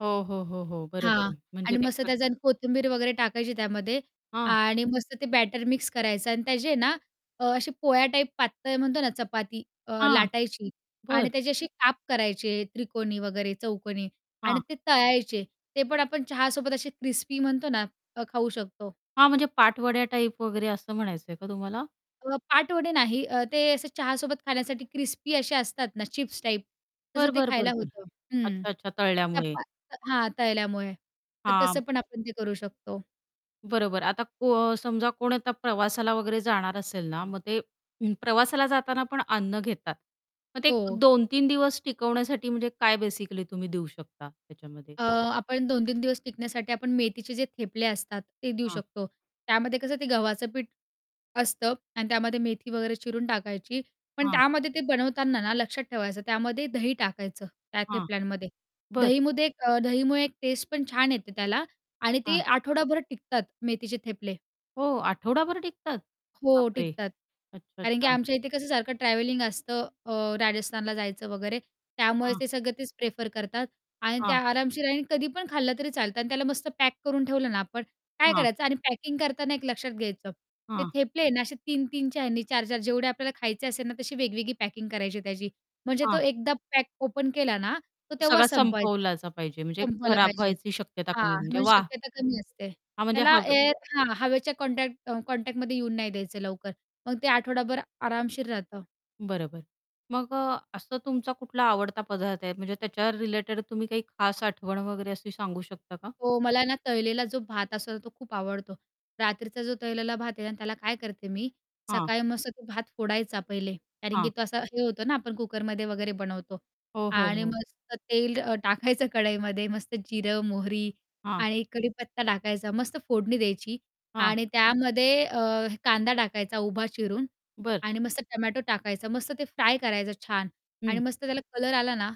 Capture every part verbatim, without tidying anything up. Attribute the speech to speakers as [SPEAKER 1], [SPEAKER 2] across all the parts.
[SPEAKER 1] हो, हो, हो, हो.
[SPEAKER 2] हां.
[SPEAKER 1] बरोबर म्हणजे
[SPEAKER 2] आणि
[SPEAKER 1] ते
[SPEAKER 2] मस्त
[SPEAKER 1] प्र
[SPEAKER 2] त्याच्यात आणि कोथिंबीर वगैरे टाकायची त्यामध्ये
[SPEAKER 1] हां.
[SPEAKER 2] आणि मस्त ते बॅटर मिक्स करायचं आणि त्याची ना अ, अशी पोळ्या टाईप पातळ म्हणतो ना चपाती अ,
[SPEAKER 1] हां.
[SPEAKER 2] लाटायची आणि
[SPEAKER 1] बरं.
[SPEAKER 2] त्याची अशी काप करायचे त्रिकोणी, वगैरे चौकोनी आणि
[SPEAKER 1] हां.
[SPEAKER 2] ते तळायचे. ते पण आपण चहासोबत असे क्रिस्पी म्हणतो ना अ, खाऊ शकतो
[SPEAKER 1] हां, म्हणजे पाटवड्या टाइप वगैरे असं म्हणायचंय का तुम्हाला?
[SPEAKER 2] अ, पाटवडे नाही. अ, ते असं चहासोबत खाण्यासाठी क्रिस्पी असे असतात ना चिप्स टाइप, तसं
[SPEAKER 1] बरं,
[SPEAKER 2] ते
[SPEAKER 1] बरं,
[SPEAKER 2] खायला
[SPEAKER 1] बरं, बरं.
[SPEAKER 2] होतं. हं.
[SPEAKER 1] अच्छा-अच्छा
[SPEAKER 2] त्या
[SPEAKER 1] तळल्यामुळे.
[SPEAKER 2] पा हां, तळल्यामुळे. तर तसं
[SPEAKER 1] हां.
[SPEAKER 2] पण आपण ते करू शकतो.
[SPEAKER 1] बरोबर. आता को समजा कोण आता प्रवासाला वगैरे जाणार असेल ना, मग ते ऊ प्रवासाला जाताना पण अन्न घेतात. मग ते
[SPEAKER 2] हो.
[SPEAKER 1] दोन तीन दिवस टिकवण्यासाठी म्हणजे काय बेसिकली तुम्ही देऊ शकता त्याच्यामध्ये?
[SPEAKER 2] अ, आपण दोन तीन दिवस टिकण्यासाठी आपण मेथीचे जे थेपले असतात ते देऊ
[SPEAKER 1] हां.
[SPEAKER 2] शकतो. त्यामध्ये कसं ते गव्हाचं पीठ असतं आणि त्यामध्ये मेथी वगैरे चिरून टाकायची, पण
[SPEAKER 1] हां.
[SPEAKER 2] त्यामध्ये ते बनवताना ना लक्षात ठेवायचं त्यामध्ये दही टाकायचं त्या
[SPEAKER 1] हां,
[SPEAKER 2] थेपल्यांमध्ये.
[SPEAKER 1] बरं.
[SPEAKER 2] दहीमध्ये अ, एक दहीमुळे एक टेस्ट पण छान येते त्याला आणि ते
[SPEAKER 1] हां.
[SPEAKER 2] आठवडाभर टिकतात मेथीचे थेपले.
[SPEAKER 1] हो, आठवडाभर टिकतात. बाप
[SPEAKER 2] हो,
[SPEAKER 1] रे!
[SPEAKER 2] टिकतात. कारण की
[SPEAKER 1] अच्छा-अच्छा.
[SPEAKER 2] आमच्या इथे कसं सारखं ट्रॅव्हलिंग असतं अ, राजस्थानला जायचं वगैरे त्यामुळे
[SPEAKER 1] हां.
[SPEAKER 2] ते सगळं तेच प्रिफर करतात आणि
[SPEAKER 1] हां.
[SPEAKER 2] त्या आरामशीर आहे आणि कधी पण खाल्लं तरी चालतं आणि त्याला मस्त पॅक करून ठेवलं ना आपण, काय
[SPEAKER 1] हां.
[SPEAKER 2] करायचं आणि पॅकिंग करताना एक लक्षात घ्यायचं. ते
[SPEAKER 1] हां.
[SPEAKER 2] थेपले आहे ना असे तीन तीन च्या ह्यांनी चार चार जेवढे आपल्याला खायचे असेल ना, तशी वेगवेगळी पॅकिंग करायची आहे त्याची म्हणजे तो
[SPEAKER 1] हां.
[SPEAKER 2] एकदा पॅक ओपन केला ना, तर तेव्हा
[SPEAKER 1] सगळा
[SPEAKER 2] संपवायचं,
[SPEAKER 1] संपवलाच पाहिजे म्हणजे
[SPEAKER 2] संपवलं
[SPEAKER 1] खराब
[SPEAKER 2] पाहिजे
[SPEAKER 1] व्हायची शक्यता कमी
[SPEAKER 2] हां.
[SPEAKER 1] म्हणजे
[SPEAKER 2] मग
[SPEAKER 1] वाह!
[SPEAKER 2] शक्यता कमी असते.
[SPEAKER 1] हां, म्हणजे
[SPEAKER 2] त्याला
[SPEAKER 1] हवेत
[SPEAKER 2] एअर हां, हवेच्या कॉन्टॅक्ट कॉन्टॅक्टमध्ये येऊन नाही द्यायचं लवकर. मग ते आठवडाभर आरामशीर राहतं.
[SPEAKER 1] बरोबर, मग अ, असं तुमचा कुठला आवडता पदार्थ आहे, म्हणजे त्याच्यावर रिलेटेड तुम्ही काही खास आठवण वगैरे अशी सांगू शकता का?
[SPEAKER 2] हो, मला ना तळलेला जो भात असतो तो खूप आवडतो. रात्रीचा जो तळलेला भात आहे आणि त्याला काय करते मी
[SPEAKER 1] हां.
[SPEAKER 2] सकाळी मस्त तो भात फोडायचा पहिले, कारण की
[SPEAKER 1] हां.
[SPEAKER 2] तो असा हे होतो ना आपण कुकरमध्ये वगैरे बनवतो
[SPEAKER 1] हो, हो,
[SPEAKER 2] आणि
[SPEAKER 1] हो.
[SPEAKER 2] मस्त तेल अ, टाकायचं कढईमध्ये, मस्त जिरं, मोहरी
[SPEAKER 1] हां.
[SPEAKER 2] आणि कढीपत्ता टाकायचा मस्त फोडणी द्यायची
[SPEAKER 1] हां.
[SPEAKER 2] आणि त्यामध्ये अ, कांदा टाकायचा उभा चिरून
[SPEAKER 1] बरं.
[SPEAKER 2] आणि मस्त टोमॅटो टाकायचा मस्त ते फ्राय करायचं छान आणि
[SPEAKER 1] हं.
[SPEAKER 2] मस्त त्याला कलर आला ना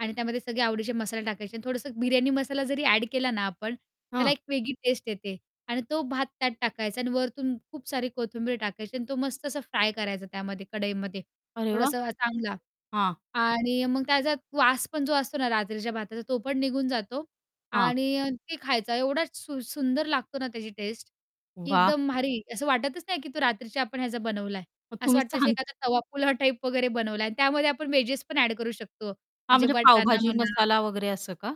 [SPEAKER 2] आणि त्यामध्ये सगळे आवडीचे मसाले टाकायचे आणि थोडंसं बिर्याणी मसाला जरी ॲड केला ना आपण, त्याला
[SPEAKER 1] हं.
[SPEAKER 2] एक वेगळी टेस्ट येते आणि तो भात त्यात टाकायचा आणि वरुन खूप सारी कोथिंबीर टाकायची आणि तो मस्त असा फ्राय करायचा त्यामध्ये कढईमध्ये.
[SPEAKER 1] अरे वाह!
[SPEAKER 2] थोडासा चांगला
[SPEAKER 1] हां.
[SPEAKER 2] आणि मग त्याचा वास पण जो असतो ना रात्रीच्या भाताचा तो पण निघून जातो
[SPEAKER 1] हां
[SPEAKER 2] आणि ते खायचा एवढा सुं सुंदर लागतो ना त्याची टेस्ट. की
[SPEAKER 1] वाह!
[SPEAKER 2] एकदम भारी. असं वाटतच नाही, की तो रात्रीच्या आपण ह्याचा बनवला आहे.
[SPEAKER 1] मग
[SPEAKER 2] असं
[SPEAKER 1] तुम्ही
[SPEAKER 2] वाटतं असं
[SPEAKER 1] सांग
[SPEAKER 2] एखादा तवा पुलाव टाईप वगैरे बनवला आहे आणि त्यामध्ये आपण वेजेस पण ॲड करू शकतो.
[SPEAKER 1] हां,
[SPEAKER 2] म्हणजे
[SPEAKER 1] म्हणजे
[SPEAKER 2] वटाना
[SPEAKER 1] पावभाजी
[SPEAKER 2] म्हणा
[SPEAKER 1] मसाला वगैरे असं का?